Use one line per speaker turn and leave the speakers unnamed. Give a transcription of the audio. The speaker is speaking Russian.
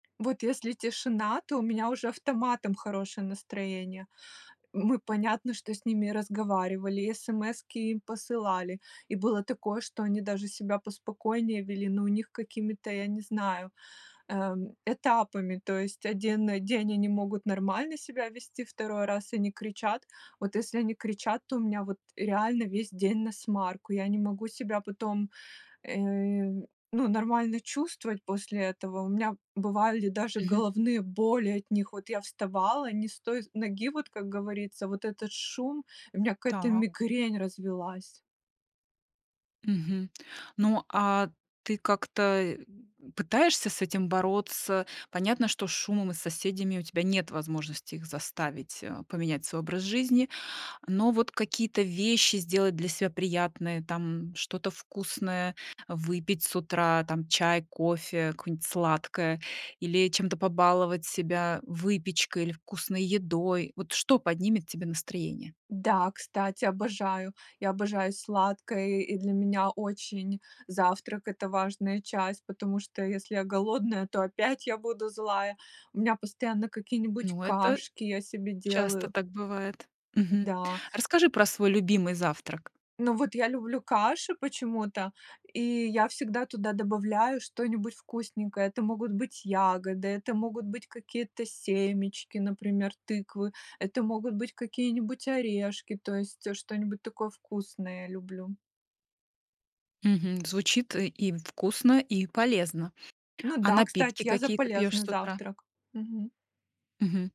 Вот если тишина, то у меня уже автоматом хорошее настроение. Мы понятно, что с ними разговаривали, и СМСки им посылали, и было такое, что они даже себя поспокойнее вели. Но у них какими-то, я не знаю, эм, этапами. То есть 1 день они могут нормально себя вести, 2 раз они кричат. Вот если они кричат, то у меня вот реально весь день насмарку. Я не могу себя потом, э, ну, нормально чувствовать после этого. У меня бывали даже
Мгм.
головные боли от них. Вот я вставала не с той ноги, вот, как говорится, вот этот шум, у меня какая-то
Так.
мигрень развилась.
Мгм. Ну, а ты как-то, э, пытаешься с этим бороться? Понятно, что с шумом и с соседями у тебя нет возможности их заставить, а, поменять свой образ жизни. Но вот какие-то вещи сделать для себя приятное, там: что-то вкусное выпить с утра, там, чай, кофе, какое-нибудь сладкое, или чем-то побаловать себя, выпечкой или вкусной едой. Вот что поднимет тебе настроение?
Да, кстати, обожаю. Я обожаю сладкое, и для меня очень завтрак- это важная часть, потому что, если я голодная, то опять я буду злая. У меня постоянно какие-нибудь
Ну, это
кашки я себе
часто
делаю
так бывает. Мгм.
Да.
Расскажи про свой любимый завтрак.
Ну вот я люблю каши почему-то, и я всегда туда добавляю что-нибудь вкусненькое. Это могут быть ягоды, это могут быть какие-то семечки, например, тыквы. Это могут быть какие-нибудь орешки, то есть, э, что-нибудь такое вкусное я люблю.
Мгм. Звучит, э, им вкусно, и полезно.
Ну
А
да,
напитки
кстати, я за
какие ты пьёшь
полезный
с утра?
завтрак. Мгм.
Мгм.